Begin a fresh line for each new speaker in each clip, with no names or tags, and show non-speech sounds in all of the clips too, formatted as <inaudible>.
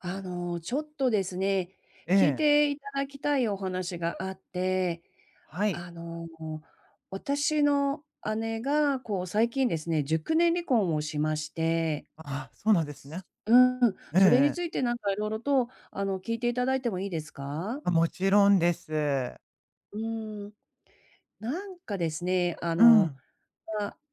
あの、ちょっとですね、聞い
ええ。
ていただきたいお話があって。
はい。
あの、私の姉が、こう、最近ですね、熟年離婚をしまして
ああ、そうなんですね。
うーん、
えええ
それに
え。
ついてなんか色々と、あの、聞いていただいてもいいですか？
あ、もちろんです。
うーん。なんかですね、あ
う
の、
ん。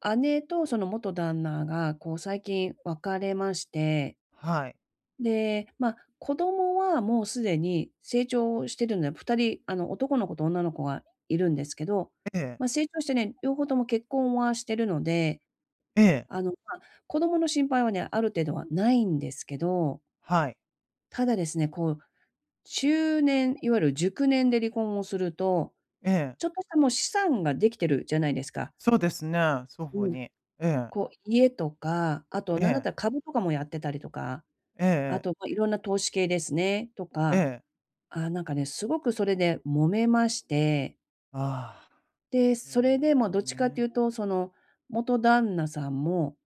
ま、姉とその元旦那が、こう、最近別れまして。
はい。
で、ま、子供はもうすでに成長してるんで、2人、あの、男の子と女の子がいるんですけど、
ええ。
まあ、成長してね、両方とも結婚はしてるので、
ええ。
あの、ま、子供の心配はね、ある程度はないんですけど。
はい。
ただですね、こう、中年いわゆる熟年で離婚をすると、
ええ。
ちょっとしたもう資産ができてるじゃないですか。
そうですね、双
う
方
ん。
に。ええ。
こ、家とか、あと
え
何だっ
え。
たら株とかもやってたりとか、
ええ
あ
ええ。
と、ま、いろんな投資系ですね、と
え
か、
え。
ああ、なんかね、すごくそれで揉めまして。
ああ、
で、
そうな
それ
んで
で
す
も
よ
どっちかってい
ね。
うと、その、元旦那さんも、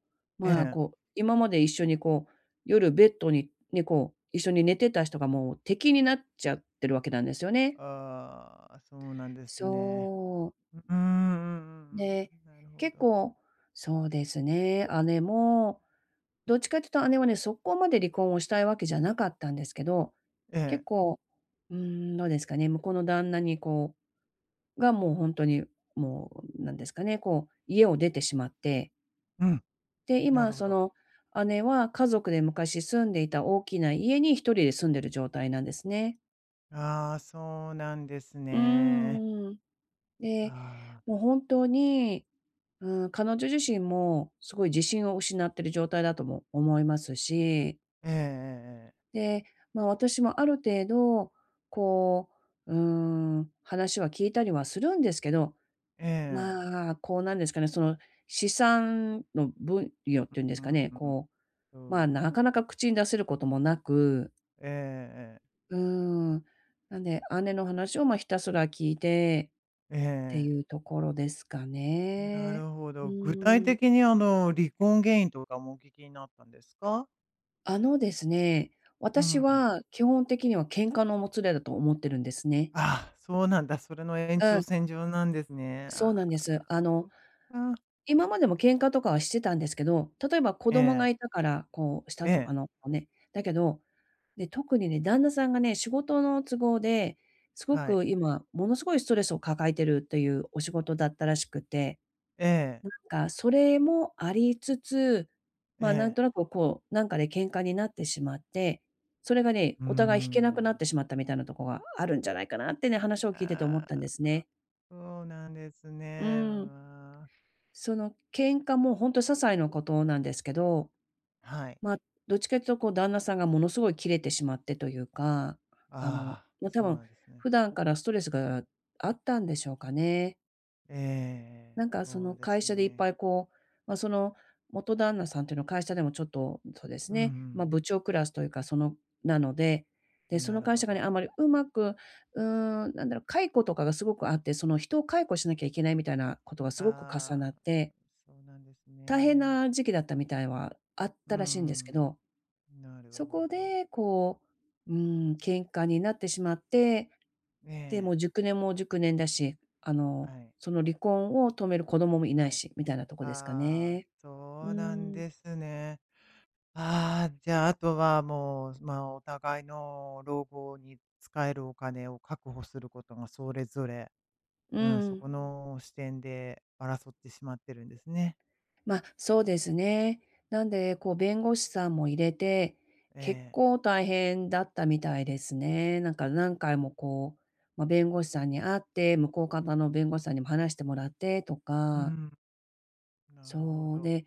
え
まあ、
え。
こう、今まで一緒に、こう、夜ベッドに、ね、こう、一緒に寝てた人がもう敵になっちゃってるわけなんですよね。
ああ、そうなんですね。
そ
ううーん、うんう
う。<swallows>
ん
で、
うん、なるほ
結
ど。
構、そうですね、姉も、どっちかっていうと姉はね、そこまで離婚をしたいわけじゃなかったんですけど、
ええ。
結構、うーん、どうですかね、向こうの旦那に、こうが、もうほんとに、もう、なんですかね、こう、家を出てしまって。
うん。
で、
な
今、
るほ
そ
ど。
の、姉は、家族で昔住んでいた大きな家に、1人で住んでる状態なんですね。
ああ、そうなんです
うー
ね。
ん、うん。で、
ああ。
もう本当に、うーん。彼女自身もすごい自信を失ってる状態だとも思いますし
ええええええ。
で、まあ、私もある程度、こう、うーん。話は聞いたりはするんですけど、
ええ。
まあ、こう、なんですかね。その、資産の分与っていうんで
う
すか
う
ね。
うん。
こう、まあ、
そう
な
で
かな
す。
か口に出せることもなく。
ええええええ。
うーん。なんで、姉の話を、ま、ひたすら聞いて、
え
って
え。
いうところですか
な
ね。
るほ
う
ど。具体
ーん。
的に、あの、離婚原因とかもお聞きになったんですか？
あのですね。
う
私
ん。
は、基本的には喧嘩のもつれだと思ってるんですね。
ああ、そうなんだ。それの延
う
長
ん。
線上なんですね。
そうな
あ
んです。
あ、
あ
そっ
の、
か。
今までも喧嘩とかはしてたんですけど、例えば、子供
え
が
え。
居たから、こうした
え
と、
え。
あの、こ、ね。だけどで、特にね、旦那さんがね、仕事の都合ですご
はい。
く、今ものすごいストレスを抱えているというお仕事だったらしくて、
ええ。
なんか、それもありつつ、まあ、な
え
ん
え。
となくこう、なんかで喧嘩になってしまって、それがね、
うー
お互い引けなくな
ん。
ってしまった、みたいなとこがあるんじゃないかなってね、話を聞いてて思ったんで
あ
す
あ、
ね。
そうなんです
う
ね。う
ん。
ーん。
その喧嘩もほんと些細なことなんですけど、
はい。
まあ、どっちかというと、こう、旦那さんがものすごいキレてしまってというか、あの、
ああ、
ま、多
そう
分
なんですね。
普段からストレスがあったんでしょうかね。
ええ、
なんか、そ
そ
の
うで
会
す
社でいっぱ
ね。
いこう、ま、その元旦那さんというのは会社でもちょっと、そうです
うんう
ね。ま、
ん。
部長クラスというかその、なので、で、そ
な
の
る
会
ほ
社がね、
ど。
あんまりうまく、うーん、なんだろう、解雇とかがすごくあって、その、人を解雇しなきゃいけないみたいなことがすごく重
あ
なっ
あ、
て
そうなんです
大変
ね。
な時期だったみたいは、あっ
うー
たらしいんですけ
ん。
ど。
なる
そ
ほ
こ
ど。
で、こう、うーん、喧嘩になってしまって、
え
で、も
え。
う熟年も熟年だし、あ
は
の、
い。
その離婚を止める子供もいな
は
い
い。
し、みたいなとこですか
ああ、
ね。う
そ
ー
うなん
ん。
ですね。ああ、じゃあ、あとはもう、ま、お互いの老後に使えるお金を確保することがそれぞれ
う
うん。そ
ん。
この視点で争ってしまってるんですね。
ま、そうですね。なんで、こう弁護士さんも入れて、
え
結
え。
構大変だったみたいですね。なんか何回もこう、ま、弁護士さんに会って、向こう方の弁護士さんにも話してもらってと
う
か。
ん。なるほ
そう。
ど。
で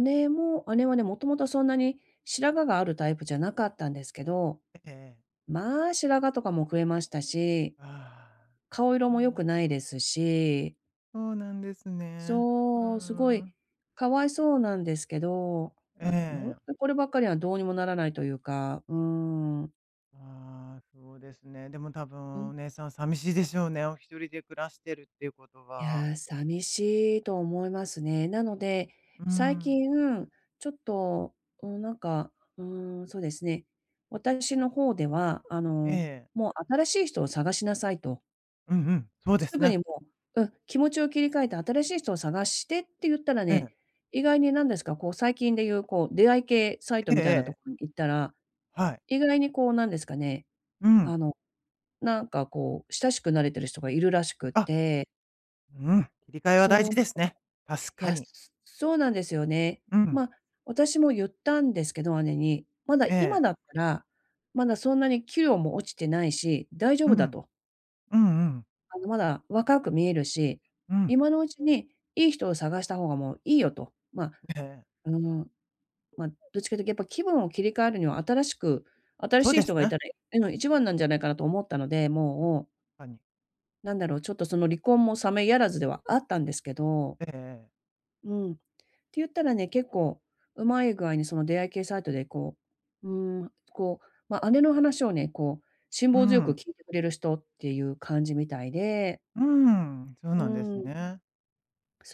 姉も姉はね、もともとはそんなに白髪があるタイプじゃなかったんですけど、
えええ。
まあ白髪とかも増えましたし、
ああ。
顔色
うん
も良くない
うん。
ですし。
そうなんですね。うー
そう、すごい
ん。
かわいそうなんですけど、ま、ほん
ええ。
とこればっかりはどうにもならないというか、うーん。
ああ、そうですね。でも多
う
分お
ん。
姉さん寂しいでしょうね。お一人で暮らしてるっていうこと
い
は。
や、寂しいと思いますね。なので、
う
最
ん。
近、ちょっと、うん、なんか、うん、そうですね、私の方では、あ
え
の、
え。
もう新しい人を探しなさいと。
うんうん。そうで
す
す
ぐ
ね。
にもう、うん、気持ちを切り替えて新しい人を探してって言ったら
ええ。
ね、意外になんですか、こう最近で言うこう出会い系サイト
ええ
みたいな
え
と
え。
こに行ったら、
はい。
意外にこうなんですかね、
うん。
あの、なんかこう、親しくなれてる人がいるらしく
あ。
て。
うん、切り替えは大
そ
事
う、
ですね。確
い
か
や、
に。
すそうなんですよね。
うん。
ま、私も言ったんですけど、姉に。まだ
ええ。
今だったら、まだそんなに器量も落ちてないし、大丈
う
夫だ
ん。
と。
うんうん。
あのまだ若く見えるし、
うん。
今のうちにいい人を探した方がもういいよと。ま
ええ。
うん、ま、どっちかというと、やっぱ気分を切り替えるには新しく新
そ
し
う
い
で
人
す
がい
ね。
たらいいの一番なんじゃないかなと思ったので、
うん、
もう。
かに。
なんだろう。ちょっとその離婚も冷めやらずではあったんですけど。
ええええ。
うん。てゆったらね。結構うまい具合にその出会い系サイトでこう、うーん。こう、ま、姉の話をね、こう、辛
う
抱強く
ん。
聞いてくれる人っていう感じみたいで。
うーん。そう
う
なんです
ん。
ね。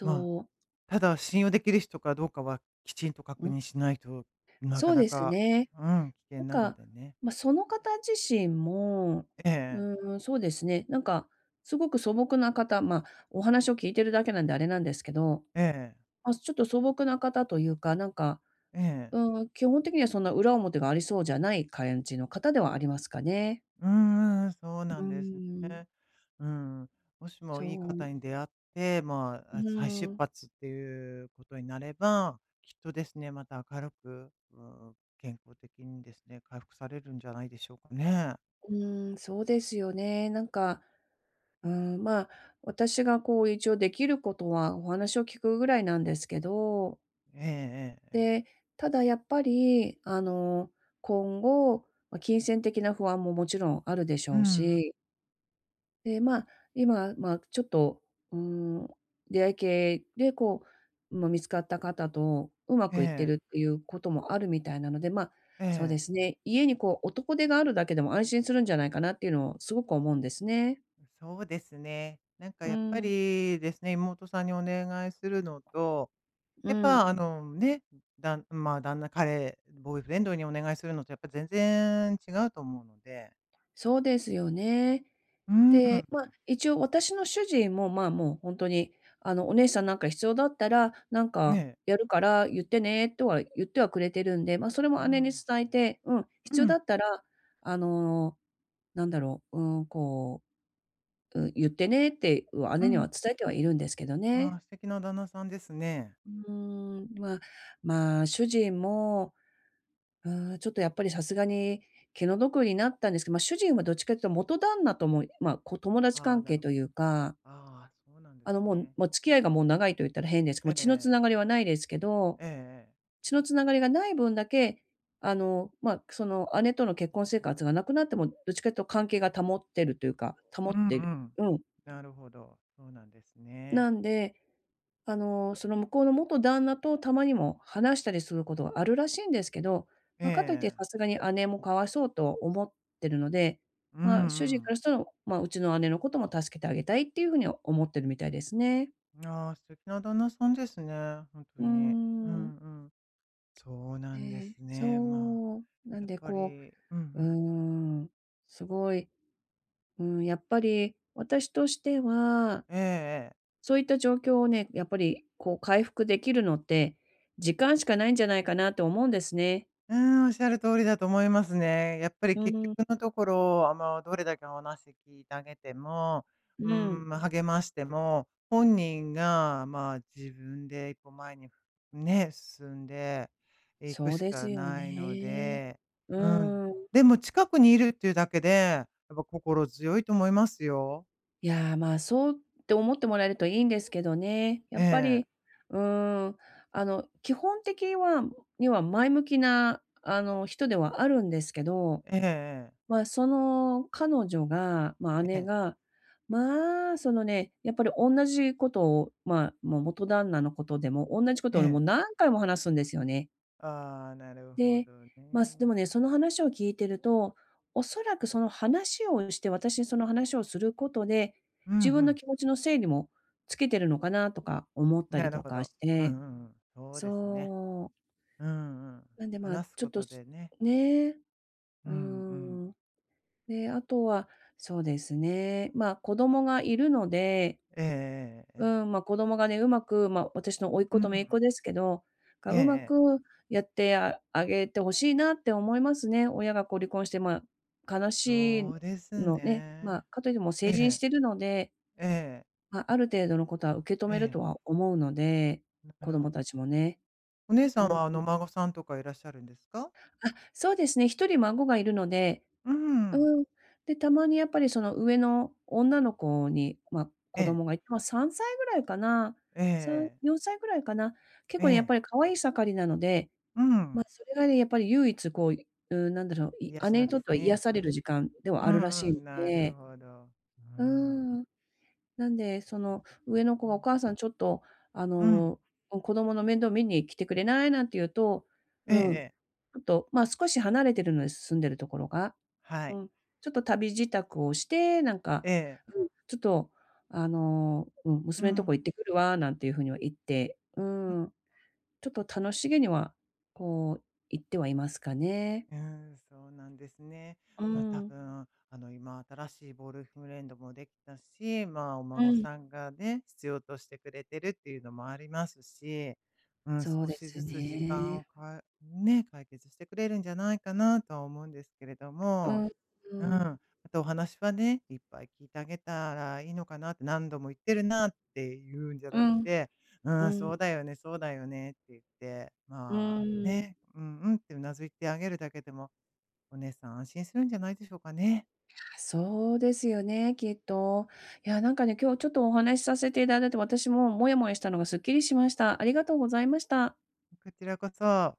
まあ、
う。
ただ信用できる人かどうかはきちんと
う
確
ん。
認しないと、なか
そう
な
です
か
ね。
うん。危険
なん
なの
か、
でね。
ま、その方自身も、
ええええ。
うーん。そうですね。なんか、すごく素朴な方ま、お話を聞いているだけなんであれなんですけど、
ええ。
ま、ちょっと素朴な方というか、なんか、
ええ。
うーん。基本的にはそんな裏表がありそうじゃない、感じの方ではありますかね。
うんうんうん。そう
う
な
ー
んです
ん。
ね。うん。もしも
そ
いい方
う。
に出会って、ま
う
あ、あ、再
ー
出
ん。
発っていうことになれば、きっとですね、また明るく、うーん。健康的にですね、回復されるんじゃないでしょうかね？
うーん。そうですよね。なんか、うーん、まあ、私がこう一応できることはお話を聞くぐらいなんですけど
ええええええ。
で、ただやっぱりあの今後、ま、金銭的な不安ももちろんあるでし
うん
ょ
う
う
ん。
しで、まあ、今、まあ、ちょっと、うーん。出会い系でこう、ま、見つかった方とうま
え
くいって
え。
るっていうこともあるみたいなので。まあ、
え
そうで
え。
すね。家にこう男手があるだけでも安心するんじゃないかなっていうのをすごく思うんですね。
そうですね。なんか
う
やっぱ
ん。
り、ですね。妹さんにお願いするのと、
う
やっ
ん。
ぱあの、ね、だんん、まあ、旦那、彼、ボーイフレンドにお願いするのとやっぱ全然違うと思うので。
そうですよね。
うん。
で、まあ、一応私の主人も、まあ、もうほんとに、あの、「お姉さんなんか必要だったら、なんか
ね。
やるから言ってね」とは言ってはくれてるんで。ま、それ
あ
も姉に
あ。
伝えて、うん。
う
必要だ
ん。
ったらあの、なんだろう。うん、こう、う言ってねって
う
姉には
ん。
伝えてはいるんですけど
あ
ね。
あ、素敵な旦那さんですね。
うーん。まあ、まあ、主人も、うん。ちょっとやっぱりさすがに気の毒になったんですけど。ま、主人はどっちかというと元旦那とも、ま、こ、友達
あ、
関
な
係
る
と
ほ
い
ど。
うか。
ああ、そうなんで
あ
す
の、も
ね。
もう付き合いがもう長いと言ったら変ですけど、
え
もう
え
血のつ
え
な
え。
がりはないですけど。
ええええ。
血のつながりがない分だけ、あの、まあ、その姉との結婚生活がなくなっても、どっちかというと関係が保ってるというか保
う
っ
んう
てる。
ん。
うん。
なるほど。そうなんですね。
なんで、あの、その向こうの元旦那とたまにも話したりすることはあるらしいんですけど。
え
ま、かといって
え。
さすがに姉もかわいそうと思ってるので。
うん
ま
う
あ、主人か
ん。
らしたら、まあ、うちの姉のことも助けてあげたいっていうふうに思ってるみたいですね。
ああ、素敵な旦那さんですね、ほんと
うー
に。う
ん。
んうん。そうな
え
んです
え。
ね。まあ、
そう。なん
やっ
で
ぱ
こ
り、うんう
う、うー
ん。
ん。すごい、うん。やっぱり私としては
ええええ。
そういった状況をね、やっぱりこう回復できるのって、時間しかないんじゃないかなと思うんですね。
うん。おっしゃる通りだと思いますね。やっぱり
う
結
ん。
局のところ、あ、もう、どれだけお話聞いてあげても、
う
う
ん。
ん。ま、励ましても、本人が、まあ、自分でこう前に、ね、進んでいく
そう
し
で
か
すよ
ないの
ね。
で。
う
うん。
ーん。
でも近くにいるっていうだけで、やっぱ心強いと思いますよ。
いや、まあ、そうって思ってもらえるといいんですけどね。や
え
っぱ
え。
り、うーん、あの、基本的はには前向きな、あの、人ではあるんですけど、
ええええ。
まあ、その、彼女が、ま、
え
姉
え。
が、まあ、そのね、やっぱりおんなじことを、まあ、もう、元旦那のことでも、おんなじこと
え
をね、もう
え。
何回も話すんですよね。
ああ、なるほ
で、
ど
まあ、すで
ね。
もね、その話を聞いてると、おそらく、その、話をして私にその話をすることで、
うんう
自分の
ん。
気持ちの整理もつけてるのかなとか思ったり
なる
と
ほ
か
ど。
し
う
て
んうんうん、そうですね。
そう。
うーん、うん。
なんで、まあ、
話す
ちょ
こ
っと、
と
す
でね。
ね。
う
う
ん、う
ー
ん。
ん。で、あとは、そうですね、ま、子供がいるので
えええ、
う
え。
ーん、ま、子供がね、うまくま、私の甥っ
う、う
子と姪っ子
ん。
ですけど、な
え
んか
ええ
うま
え。
くやってああげて欲しいなって思いますね。親が、こう、離婚して、ま、悲し
そ
い
うです
のね。ま、
ね。
かといって、もう
え
成人し
え。
てるので
ええ。
ま、ある程度のことは受け止
え
めると
え。
は思うので、子
<unintelligible>
供たちもね。
お姉さ
う
ん
ん。
は、あの、お孫さんとかいらっしゃるんですか？
あ、そうですね。1人孫がいるので
うーん。
うーん。で、たまにやっぱり、その、上の女の子に、ま、子
ええ。
供がいて、ま、3歳ぐらいかな、
ええ
さん
ええ。
よんさいぐらいかな。結
え
構ねやっ
え。
ぱり可愛い盛りなので、
う
ま、
ん。
それがね、やっぱり唯一、こう、いうーん、なんだろう、い
癒し
姉
な
に
んで
とっ
す
ては癒
ね。
される時間では
う
あるら
ん
し
う
いの
ん、なる
で
ほど。うー
う
ん。
ーん。なんで、その、上の子は、「お
<unintelligible>
母さんちょっと、あ
うん。
の、お子供の面倒見に来てくれない？」なんて言うと、
えええ
うん、ち
え。
ょっと、まあ、少し離れてるので、住んでるところが、
はい。
うん。ちょっと旅支度をして、なんか、
ええ。
うん、ちょっと、あの、うん、
う
「娘んとこ
ん。
行ってくるわ」なんていう風には言って、うーん。ちょっと楽しげには、こう、行ってはいますかね。
うーん、そうなんですね。
うー
ま、多
ん。
分、あの、今新しいボーイフレンドもできたし、まあ、お
う
孫
ん。
さんがね、必要としてくれてるっていうのもありますし、うん、
そう
少
で
し
す
ずつ時間
ね。
をかね、解決してくれるんじゃないかなとは思うんですけれど
う
も。
ん。うー
うん。
ん。
あと、お話はね、いっぱい聞いてあげたらいいのかな。「何度も言ってるな」ってゆうんじゃ
う
なく
ん。
て、「う
う
ん、そ
ん。
うだよね、そうだよね」って言って、
う
まあ、
ーん。
ね、「うん、うん」って頷いてあげるだけでも、お姉さん安心するんじゃないでしょうかね？
いや、そうですよね、きっと。いや、なんかね、今日ちょっとお話しさせていただいて、私もモヤモヤしたのがスッキリしました。ありがとうございました。
こちらこそ。